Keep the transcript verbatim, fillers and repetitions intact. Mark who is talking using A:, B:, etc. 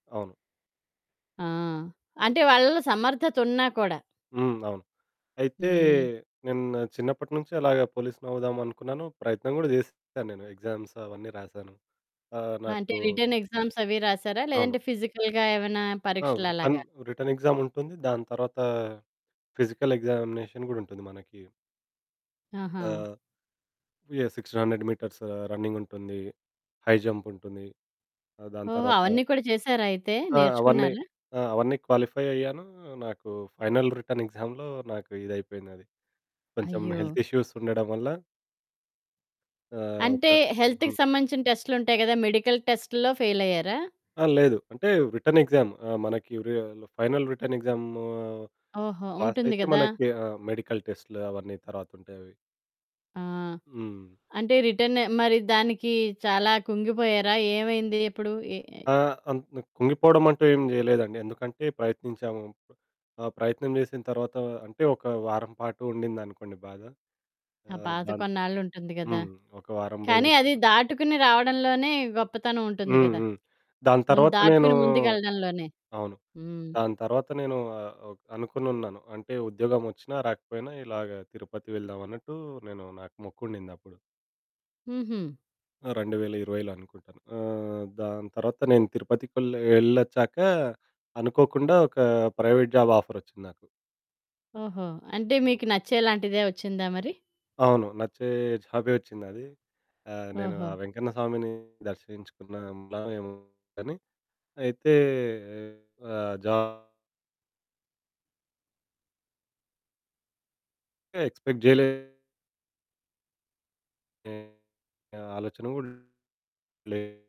A: అవును.
B: ఆ! అంటే వాళ్ళలో సమర్థతున్నా కూడా.
A: హ్మ్. అవును. అయితే
B: హ్మ్.
A: నేను చిన్నప్పటినుంచే అలాగే పోలీసునవుదాం అనుకున్నాను, ప్రయత్నం కూడా చేశాను. నేను ఎగ్జామ్స్ అవన్నీ రాసాను. ఆహ్,
B: అంటే,
A: నాకు
B: రిటర్న్ ఎగ్జామ్స్ అవి రాశారా?
A: అవును.
B: లేదంటే, ఫిజికల్‌గా ఏమైనా
A: ఆ! రిటర్న్
B: పరీక్షలలాగా?
A: రిటర్న్ ఎక్సాముంటుంది. దాని తర్వాత, ఫిజికల్ ఎగ్జామినేషన్ కూడా ఉంటుంది మనకి. ఆ!
B: ఆహా!
A: యాహ్! సిక్స్టీన్ హండ్రెడ్ మీటర్స్ రన్నింగుంటుంది. హై జంపుంటుంది. ఆహ్, దాని
B: ఓహో!
A: తర్వాత
B: అవన్నీ కూడా చేశారాయితే.
A: ఆ! అవన్నీ.
B: నేర్చుకున్నారా?
A: ఆ! అవన్నీ క్వాలిఫై అయ్యాను. నాకు ఫైనల్ రిటర్న్ ఎగ్జామ్‌లో నాకు ఇదైపోయింది అది. కొంచెం
B: అయ్యో!
A: హెల్త్ ఇష్యూస్ ఉండడం వల్ల ఆహ్, ఒక
B: అంటే హెల్త్‌కి
A: హ్మ్.
B: సంబంధించిన టెస్టులుంటాయి గదా! మెడికల్ టెస్ట్‌లో ఫెయిలయ్యారా?
A: ఆ! లేదు. అంటే రిటర్న్ ఎగ్జామ్‌ ఆహ్, మనకి వ్రి ఫైనల్ రిటర్న్ ఎక్సాము
B: ఓహో! ఉంటుంది
A: పాసయితే
B: గదా!
A: మనకి ఆహ్, మెడికల్ టెస్టులు అవన్నీ తరువాత ఉంటాయవి.
B: ఆ!
A: హ్మ్.
B: అంటే రిటర్న్ మరి దానికి చాలా కుంగిపోయారా? ఏమైంది ఎప్పుడు? ఎ అయ్
A: ఆ! అంత కుంగిపోవడం అంటూ ఏమి చేయలేదండి. ఎందుకంటే ప్రయత్నించాము. ప ఆ ప్రయత్నం చేసిన తర్వాత, అంటే ఒక వారం పాటు ఉండింది అనుకోండి బాధ.
B: ఆ
A: ఆహ్,
B: బాధ
A: దాన్
B: కొన్నాళ్లుంటుంది గదా.
A: హ్మ్, ఒక వారం
B: కానీ,
A: రోజుల
B: అది
A: పాటు.
B: దాటుకుని రావడంలోనే గొప్పతనం ఉంటుంది
A: హ్మ్,
B: గదా.
A: హ్మ్. దాని
B: ముందు
A: తరువాత నేను
B: దాటుకుని ముందుకెళ్ళడంలోనే.
A: అవును.
B: హ్మ్.
A: దాని తర్వాత నేను ఆహ్, ఓ అనుకుని ఉన్నాను. అంటే ఉద్యోగమొచ్చినా, రాకపోయినా ఇలాగ తిరుపతి వెళ్దాం అన్నట్టు నేను నాకు మొక్కు ఉండిద్ది అప్పుడు.
B: హుహు.
A: ఆ! రెండు వేల ఇరవైలో అనుకుంటాను. ఆహ్, దాని తర్వాత నేను తిరుపతికెళ్లె ఎళ్లొచ్చాక అనుకోకుండా ఒక ప్రైవేట్ జాబ్ ఆఫరొచ్చింది నాకు.
B: ఓహో! అంటే మీకు నచ్చేలాంటిదే వచ్చిందా మరి?
A: అవును. నచ్చే జాబే వచ్చిందది. ఆహ్, నేను
B: ఓహో!
A: ఆ వెంకన్న స్వామిని దర్శించుకున్న వెలెమో కానీ అయితే, ఆ జాబు... ఎక్స్‌పెక్ట్ చేయలే... నేను. ఆ ఆలోచన కూడా లేదు.